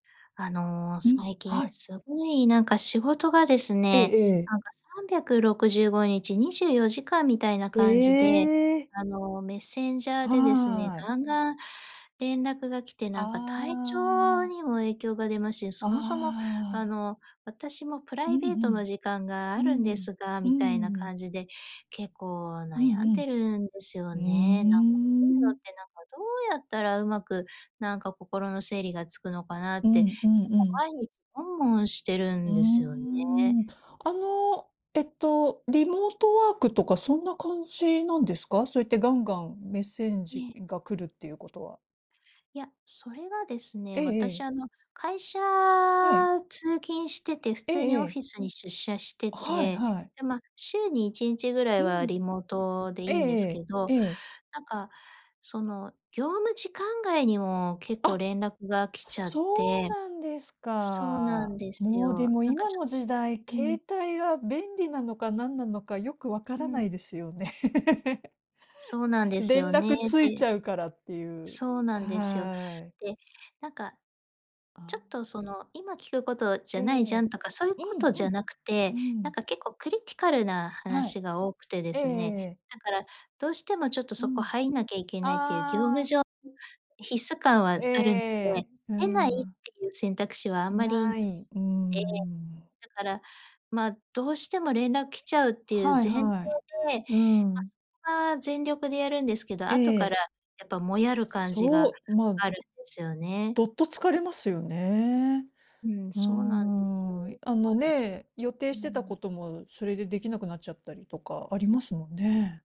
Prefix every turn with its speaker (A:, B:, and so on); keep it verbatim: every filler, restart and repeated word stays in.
A: あの、
B: うん。
A: 最近
B: はい。
A: すごい、なんか、仕事がです
B: え
A: ね、
B: えええ。
A: なんか、さんびゃくろくじゅうごにちにじゅうよじかんみたいな感じで、
B: ええ。
A: あの、メッセンジャーでですね、
B: はい。
A: ガンガン連絡が来て、なんか、体
B: あ
A: 調
B: あ。
A: にも影響が出ますし、
B: あ
A: そもそも、あ
B: あ。
A: の、私もプ
B: う
A: ラ
B: ん
A: イベー
B: う
A: トの
B: ん。
A: 時間が
B: う
A: あ
B: ー
A: るんで
B: ん。
A: すが、
B: う
A: みたいな
B: ーん。
A: 感じで、結構、
B: う
A: 悩ん
B: ん
A: でるんですよ
B: うん。う
A: ね。なんか、そういうの
B: ー
A: っ
B: ん。
A: て、なんか、どうやったらうまく、なんか、心の整理がつくのかなっ
B: う
A: て、結
B: ん、うんう
A: 構
B: ん。
A: 毎日悶々してる
B: うー
A: んですよね。
B: ん。あの、えっと、リモートワークとかそんな感じなんですか？そうやってガンガン、めっせん
A: え
B: じ
A: え。
B: ーが来るっていうことは。
A: いや、それがです
B: え
A: ね、
B: え
A: 私、
B: ええ。
A: あの、会社
B: はい。
A: 通勤してて普
B: え
A: 通
B: え
A: に
B: え
A: オフ
B: え。
A: ィスに出社して
B: はい
A: て、
B: はい。
A: で、ま、週にいちんちぐらい
B: う
A: は
B: ん。
A: リモートでい
B: え
A: いんです
B: え
A: け
B: え
A: ど、
B: え。ええ。
A: なんか、その、業務時間外にも結
B: あ
A: 構
B: っ、
A: 連絡が来ちゃっ
B: そう
A: て
B: なんです
A: そうなん
B: か。
A: です
B: もう、で
A: よ。
B: も、
A: なんか、
B: 今
A: ちょ
B: の時代、
A: う
B: 携
A: ん。
B: 帯が便利なのか何なのかよくわか
A: う
B: らな
A: ん。
B: いですよね。
A: そうなんです
B: 連
A: よね。
B: 絡ついち
A: で
B: ゃうからっていう。
A: そうなんですよ。
B: はい。
A: で、なんか、
B: あ
A: ちょ
B: あ。
A: っとその、今聞くことじ
B: え
A: ゃないじゃん
B: え。
A: とか、そういう
B: う
A: こ
B: ん
A: とじ
B: う
A: ゃ
B: ん。
A: なく
B: う
A: て、なん
B: ん。
A: か、結構クリティカルな
B: はい。
A: 話が多くてで
B: えええ
A: す
B: え
A: ね、
B: ええ。
A: だから、どうしてもちょっと
B: う
A: そこ
B: ん。
A: 入んなきゃいけないっていう業務
B: ああ。
A: 上必須感はあ
B: えええ
A: るので、
B: えええ、う
A: 出ないっ
B: ーん。
A: ていう選択肢はあんまり
B: ない、うー
A: で、
B: ん。
A: だから、ま、どうしても連絡来ちゃうっていう前
B: はい
A: 提
B: はい。
A: で、
B: うー
A: ま、
B: ん。
A: そこは全力でやるんですけど、
B: え
A: 後から、
B: え。
A: やっぱモヤる感じが
B: そう、ま、
A: あるんですよね。
B: どっと疲れますよね。
A: うん、
B: うー
A: そうなんですよ。
B: ん、あ
A: だか
B: の、
A: らちょ
B: ね、予定
A: うー
B: してた
A: ん。
B: こともそれでできなくなっちゃったりとかありますもんね。